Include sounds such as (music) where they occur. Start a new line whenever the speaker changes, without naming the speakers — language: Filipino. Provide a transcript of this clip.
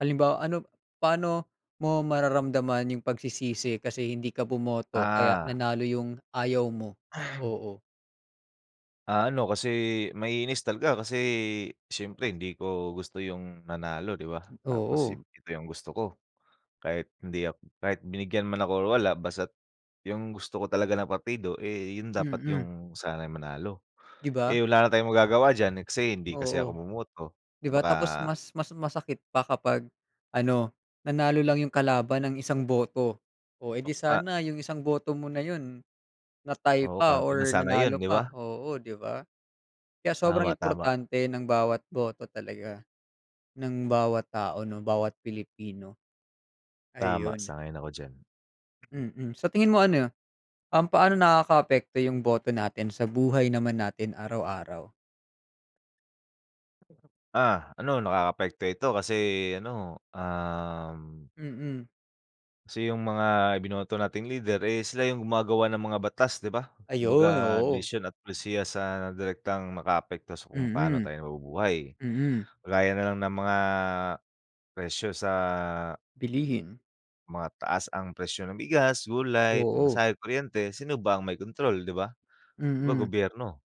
Halimbawa, ano paano mo mararamdaman 'yung pagsisisi kasi hindi ka bumoto kaya
Ah.
nanalo 'yung ayaw mo,
(clears throat)
oo?
Ah, ano, kasi maiinis talaga kasi siyempre hindi ko gusto 'yung nanalo 'di ba, tapos
Oo.
it ito 'yung gusto ko. Kahit hindi ak kahit binigyan man ako o wala basta't 'yung gusto ko talaga na partido, eh, 'yun dapat
Mm.
'yung sana'y manalo.
'Di ba?
Eh, wala na tayong magagawa diyan, let's say hindi kasi ako
Oo.
bumoto,
'Di ba,
baka
tapos mas mas masakit pa kapag ano, nanalo lang 'yung kalaban ng isang boto. Oh, eh,
O
di
nga.
sana 'yung isang boto mo na 'yun na-tie
Oo,
pa
counted na
or
sana 'yun,
nanalo
'di
pa,
ba?
oo, 'di ba? Kaya sobrang
Tama, tama.
importante ng bawat boto talaga, ng bawat tao, 'no, bawat Pilipino.
Tama,
Ayun.
sang-ayon ako diyan.
Mm, sa tingin mo ano, um, paano nakaka-apekto 'yung boto natin sa buhay naman natin araw-araw?
Ah, ano nakaka-apekto ito, kasi ano, um
Mm.
Kasi 'yung mga ibinoto nating leader, eh, sila 'yung gumagawa ng mga batas 'di ba.
Ayun,
Kumbaga
oo.
desisyon at pulisiya sa direktang maka-apekto sa kung paano
Mm.
tayo nabubuhay.
Mm.
Gaya nalang ng mga, presyo sa
Bilihin.
mataas ang presyo ng bigas, gulay,
Oo.
pamasahe, kuryente, sino ba ang may kontrol 'di ba, 'di ba,
Mm.
gobyerno?